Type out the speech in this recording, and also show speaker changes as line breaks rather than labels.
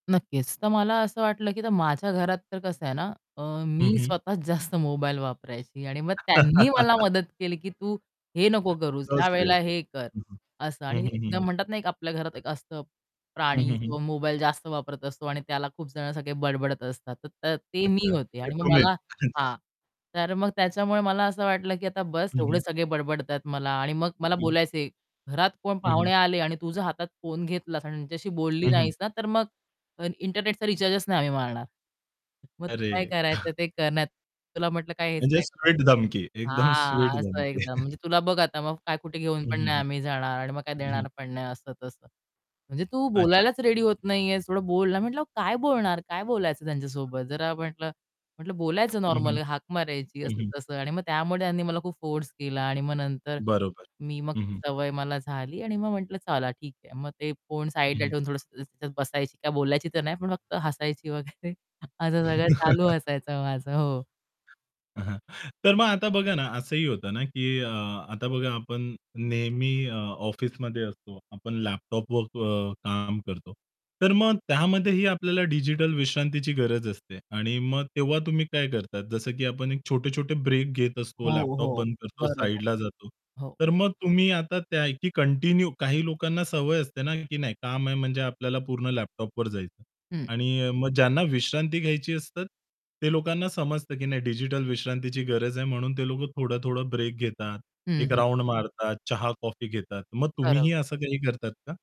नक्कीच. तर मला असं वाटलं, की आता माझ्या घरात तर कसं आहे ना, अ,
हं,
मी
हं.
स्वतःच जास्त मोबाईल वापरायची आणि मग त्यांनी मला मदत केली, की तू हे नको करूस.
So
ह्यावेळेला
sweet.
हे कर,
हं, हं.
असं.
हं,
आणि
हं, हं,
एकदम
हं.
म्हणतात ना, आपल्या घरात एक असतं
हं,
प्राणी
हं, हं.
किंवा मोबाईल जास्त वापरत असतो आणि त्याला खूप जण सगळे बडबडत असतात. तर ते मी
अच्छा.
होते
ते
आणि मग
तुम्हीच.
मला
अच्छा.
हां, तर मग त्याच्यामुळे मला असं वाटलं, की आता बस्स
हं,
एवढे
हं.
सगळे बडबडतायत मला आणि मग
हं,
मला
हं.
बोलायचे, "घरात कोण
हं,
पाहुणे
हं.
आले आणि तू जर हातात फोन घेतलास आणि त्यांच्याशी बोलली
हं, हं.
नाहीस ना, तर मग इंटरनेटचा रिचार्जच नाही आम्ही मारणार. मग तू काय
अरे!
करायचं ते कर, नाहीतर तुला म्हटलं काय हेच
म्हणजे
नाही कळत."
स्वीट धमकी. एकदम स्वीट
हां, असं
धमकी.
एकदम म्हणजे "तुला बघ आता मग काय कुठे घेऊन
हं,
पण
हं,
नाही
हं.
आम्ही जाणार आणि मग काय
हं, हं.
देणार पण नाही असं-तसं. म्हणजे तू
अच्छा.
बोलायलाच रेडी होत नाही आहेस थोडं बोलना!" म्हटलं, "अहो काय बोलणार? काय बोलायचं त्यांच्यासोबत?" जरा म्हटलं म्हटलं, "बोलायचं
हं, हं.
नॉर्मली हाक मारायची,"
हं, हं.
असं-तसं आणि मग त्यामुळे त्यांनी मला खूप फोर्स केला आणि मग नंतर
बरोबर.
मी मग
हं,
ती
हं.
सवय मला झाली आणि मग म्हटलं, "चला ठीक आहे." मग ते फोन
हं,
साइडला
हं.
ठेवून थोडंसं त तिथं बसायची, काय बोलायची तर नाही, पण फक्त हसायची वगैरे असं सगळं चालू हसायचं माझं. हो.
हां, हां. तर मग आता बघा ना, असंही होतं ना, की अ, आता बघा आपण नेहमी अ, ऑफिसमध्ये असतो आपण लॅपटॉपवर अ, काम करतो. तर मग त्यामध्येही आपल्याला डिजिटल विश्रांतीची गरज असते. आणि मग तेव्हा तुम्ही काय करता? जसं की आपण एक छोटे-छोटे ब्रेक घेत असतो,
हो,
लॅपटॉप
हो.
बंद करतो,
बरोबर.
साइडला जातो.
हो.
तर मग तुम्ही आता त्या आहे, की कंटिन्यू काही लोकांना सवय असते ना, की नाही काम आहे म्हणजे आपल्याला पूर्ण लॅपटॉपवर जायचंय.
हं.
आणि अ, मग ज्यांना विश्रांती घ्यायची असतात, ते लोकांना समजतं, की नाही डिजिटल विश्रांतीची गरज आहे म्हणून ते लोक थोडं-थोडं ब्रेक घेतात,
हं,
एक
हं.
राउंड मारतात, चहा-कॉफी घेतात. मग
बरोब
तुम्हीही असं काही करतात का?